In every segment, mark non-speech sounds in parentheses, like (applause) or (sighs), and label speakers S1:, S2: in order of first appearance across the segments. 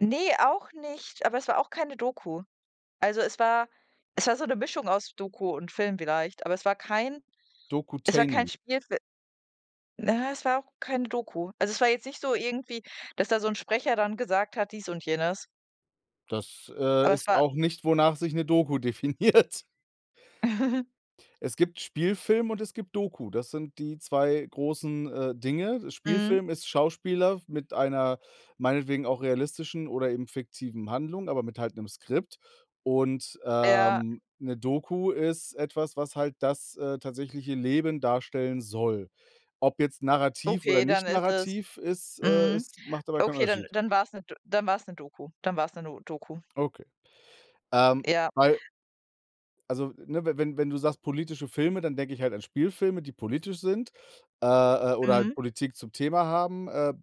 S1: Ne, auch nicht, aber es war auch keine Doku. Also, es war es war so 'ne Mischung aus Doku und Film vielleicht, aber es war kein es war kein
S2: Dokutainment.
S1: Spielfil na ja, es war auch keine Doku. Also, es war jetzt nicht so irgendwie, dass da so 'n Sprecher dann gesagt hat, dies und jenes.
S2: Das, äh,
S1: Aber es
S2: ist
S1: war
S2: auch nicht, wonach sich 'ne Doku definiert.
S1: (chuckles)
S2: Es gibt Spielfilm und es gibt Doku. Das sind die 2 großen, äh, Dinge.
S1: Mhm.
S2: Spielfilm ist Schauspieler w mit einer meinetwegen auch realistischen oder eben fiktiven Handlung, aber mit halt 'nem Skript. Und,
S1: Ja.
S2: ähm, 'ne Doku ist etwas, was halt das, äh, tatsächliche Leben darstellen soll. Ob jetzt narrativ oder
S1: Okay, dann
S2: nicht
S1: ist es
S2: narrativ ist äh,
S1: mhm.
S2: ist macht aber keinen
S1: Okay, dann
S2: Unterschied.
S1: dann war es 'n D dann war's 'ne Doku, dann war's 'ne no Doku.
S2: Okay. Ähm,
S1: Ja.
S2: weil also, ne, we wenn wenn du sagst politische Filme, dann denke ich halt an Spielfilme, die politisch sind, äh, äh, oder halt
S1: Mhm.
S2: Politik zum Thema haben. Äh,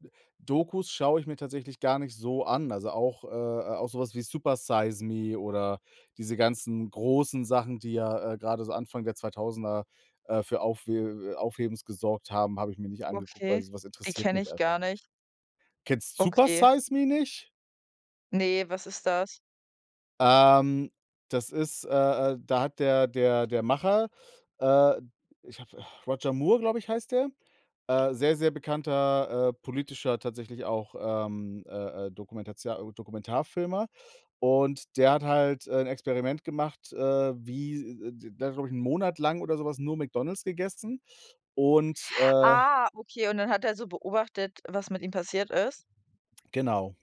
S2: D dokus schaue ich mir tatsächlich gar nicht so an. Also, auch äh, äh, auch so was wie „Supersize Me“ oder diese ganzen großen Sachen, die ja, äh, grade so Anfang der 2000er, äh, für Aufhe Aufhebens gesorgt haben, habe ich mir nicht angeguckt, weil
S1: Okay.
S2: so was
S1: Die
S2: interessiert
S1: kenne
S2: mich
S1: ich
S2: einfach
S1: gar nicht.
S2: nicht. Kennst
S1: Okay.
S2: „Supersize Me“ nicht?
S1: Ne, was ist das?
S2: Ähm, das ist äh, äh, da hat der der der Macher, äh, ich habe (sighs) Roger Moore, glaube ich, heißt der. Äh, sehr, sehr bekannter, äh, politischer, tatsächlich auch, ähm, äh, äh, Dokumentatio äh, Dokumentarfilmer. Und der hat halt, äh, 'n Experiment gemacht, äh, wie d d der hat, glaube ich, 'n Monat lang oder so was nur McDonald's gegessen. Und, äh
S1: Ah, okay, und dann hat er so beobachtet, was mit ihm passiert ist?
S2: Genau.